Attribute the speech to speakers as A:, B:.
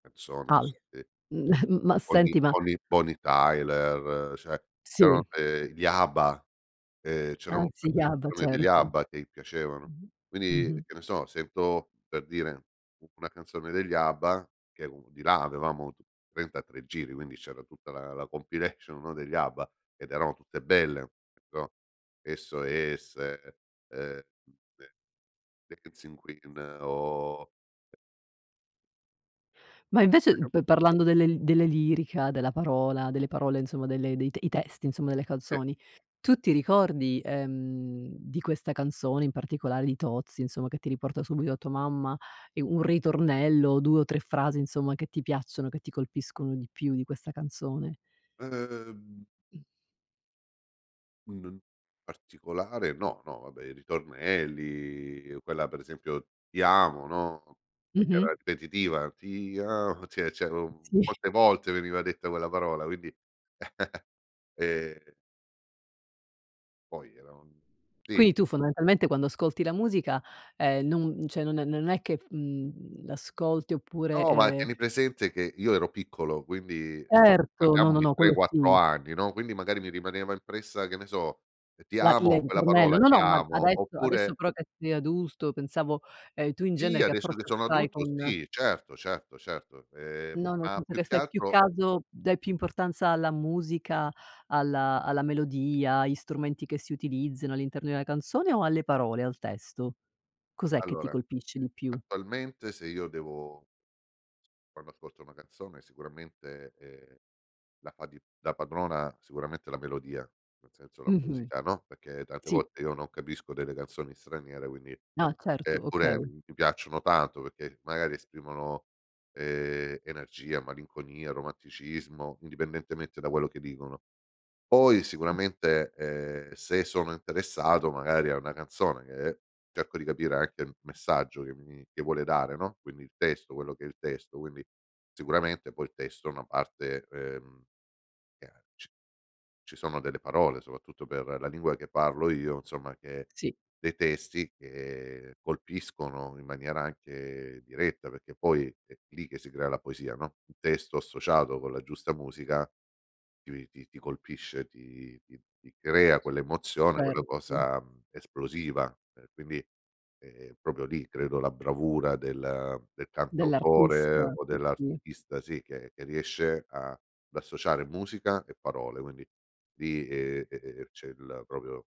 A: Persone
B: Al
A: te
B: mhmm, ma
A: Tony
B: senti, ma
A: Tony Tony Tyler, cioè, c'erano,
B: Sì.
A: ehm, gli Abba, ehm, c'erano un
B: Anzi,
A: sacco
B: gli
A: di
B: Abba,
A: canzoni degli
B: certo.
A: Abba, che i piacevano.
B: Mh-mh,
A: Quindi,
B: mh-mh.
A: che ne so, sento, per dire, u una canzone degli Abba, che è un di là avevamo 33 giri, quindi c'era tutta la la compilation, no degli Abba, ed erano tutte belle, però SOS, uhm de Dancing Queen, o
B: Ma invece, uhm
A: [unintelligible]
B: p parlando delle l delle lirica, della parola, delle parole, insomma, delle i te i testi, insomma, delle
A: E
B: canzoni. Tu ti ricordi, ehm, di questa canzone, in particolare, di Tozzi, insomma, che ti riporta subito a tua mamma, e un ritornello, 2 o 3 frasi, insomma, che ti piacciono, che ti colpiscono di più, di questa canzone.
A: Uhm
B: Mh.
A: U n n particolare no, no, vabbè, i ritornelli, quella, per esempio: Ti amo, no,
B: Mh-mh.
A: era ripetitiva, fa "ti a", ci è c'era un
B: Mh. Sì.
A: molte volte, veniva detta quella parola, quindi, e Poi, era un sì.
B: Quindi tu, fondamentalmente, quando ascolti la musica, ehm, non cioè n n non è che f mhmm, l'ascolti, oppure,
A: No, ma
B: ehm
A: tieni presente che, io ero piccolo, quindi
B: Erto! No,
A: parliamo
B: no,
A: di
B: no,
A: tre
B: quello
A: quattro
B: sì.
A: anni, no, quindi magari, mi rimaneva impressa, che ne so, Ti
B: La le
A: amo,
B: il
A: quella
B: ritornello
A: parola,
B: no,
A: ti
B: no, ma,
A: amo,
B: adesso adesso,
A: oppure
B: però, che sei adulto, pensavo, ehm, tu, in
A: Sì,
B: genere, che
A: adesso che
B: approccio
A: sono
B: hai
A: adulto,
B: con
A: sì, certo, certo, certo. Ehm,
B: No, nel
A: ma,
B: senso
A: più
B: che
A: che
B: fai più
A: altro
B: caso dai più importanza alla musica, alla alla melodia, agli strumenti che si utilizzano, all'interno di una canzone, o alle parole, al testo? Cos'è che ti
A: Allora,
B: colpisce di più?
A: attualmente se io devo quando ascolto una canzone, sicuramente, ehm, la fa di da padrona, sicuramente, la melodia, nel senso, la
B: Mh-mh.
A: musica, no, perché, tante
B: Sì.
A: volte, io non capisco delle canzoni straniere, quindi
B: No certo,
A: e pure,
B: okay.
A: m mi piacciono tanto perché, magari esprimono, ehm, energia, malinconia, romanticismo, indipendentemente da quello che dicono. Poi
B: Mh.
A: sicuramente, ehm, se sono interessato, magari, a una canzone che, cerco di capire anche il messaggio che mi mi che vuole dare, no, quindi il testo,
B: Sì.
A: quello che è il testo, quindi, sicuramente poi il testo è una parte, ehm, che ha ci ci sono delle parole, soprattutto per la lingua che parlo io, insomma che
B: Sì.
A: dei testi che, colpiscono in maniera anche diretta, perché poi, è lì che si crea la poesia, no, il testo associato con la giusta musica, ti ti ti colpisce, ti ti ti crea quell'emozione, quella
B: Cert
A: cosa, mhmm, esplosiva. E quindi, è è proprio lì, credo, la bravura del del cantautore
B: Dell'artista,
A: o
B: sì, sì.
A: dell'artista, sì, che che riesce a ad associare musica, e parole, quindi lì e e ehm, c'è il, proprio